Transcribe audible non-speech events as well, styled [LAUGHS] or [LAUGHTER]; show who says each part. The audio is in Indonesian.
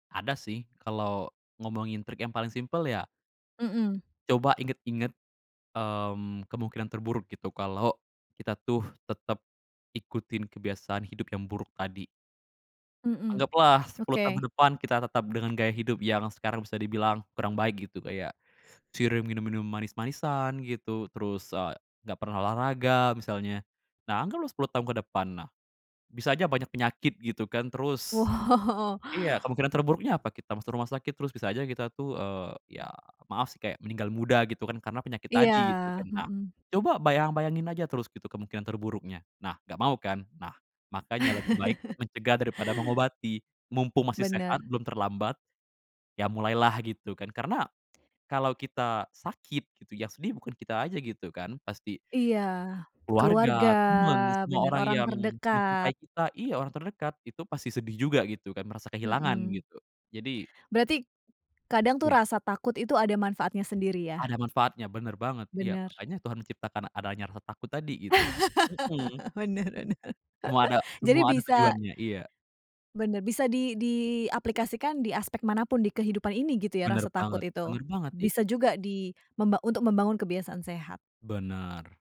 Speaker 1: Ada sih kalau, ngomongin trik yang paling simpel ya
Speaker 2: Mhm.
Speaker 1: coba inget-inget, mmm, kemungkinan terburuk gitu kalau, kita tuh tetep, ikutin kebiasaan hidup yang buruk tadi.
Speaker 2: Mhm,
Speaker 1: Anggaplah 10 tahun ke
Speaker 2: oke.
Speaker 1: depan kita tetap dengan gaya hidup yang sekarang bisa dibilang kurang baik gitu kayak, sering minum-minum manis-manisan gitu terus, eee, gak pernah olahraga misalnya, nah anggaplah 10 tahun ke depan nah, bisa aja banyak penyakit gitu kan terus,
Speaker 2: Woh.
Speaker 1: iya kemungkinan terburuknya apa kita masuk rumah sakit terus bisa aja kita tuh, eee, ya maaf sih kayak meninggal muda gitu kan karena penyakit
Speaker 2: Iya,
Speaker 1: tadi gitu kan nah,
Speaker 2: mhm
Speaker 1: coba bayang bayangin aja terus gitu kemungkinan terburuknya nah gak mau kan? Nah, makanya lebih baik
Speaker 2: [LAUGHS]
Speaker 1: mencegah daripada mengobati, mumpung masih sehat
Speaker 2: Bener.
Speaker 1: belum terlambat, ya mulailah gitu kan karena, kalau kita sakit gitu yang sedih bukan kita aja gitu kan pasti
Speaker 2: Iya, keluarga
Speaker 1: keluarga, temen semua
Speaker 2: bener
Speaker 1: orang
Speaker 2: orang
Speaker 1: yang
Speaker 2: terdekat.
Speaker 1: mencintai kita iya orang terdekat itu pasti sedih juga gitu kan merasa kehilangan
Speaker 2: Mhm.
Speaker 1: gitu, jadi
Speaker 2: Berarti, kadang tuh
Speaker 1: Iya.
Speaker 2: rasa takut itu ada manfaatnya sendiri
Speaker 1: Ada
Speaker 2: ya?
Speaker 1: manfaatnya bener banget iya
Speaker 2: Bener.
Speaker 1: makanya Tuhan menciptakan adanya rasa takut tadi gitu, mhm.
Speaker 2: [LAUGHS] Benar bener
Speaker 1: Semua ada
Speaker 2: jadi
Speaker 1: semua ada
Speaker 2: bisa
Speaker 1: tujuannya iya.
Speaker 2: Bener bisa di diaplikasikan di aspek manapun di kehidupan ini gitu ya
Speaker 1: Bener
Speaker 2: rasa takut
Speaker 1: banget
Speaker 2: itu,
Speaker 1: bener banget i
Speaker 2: bisa juga di memba untuk membangun kebiasaan sehat.
Speaker 1: Bener.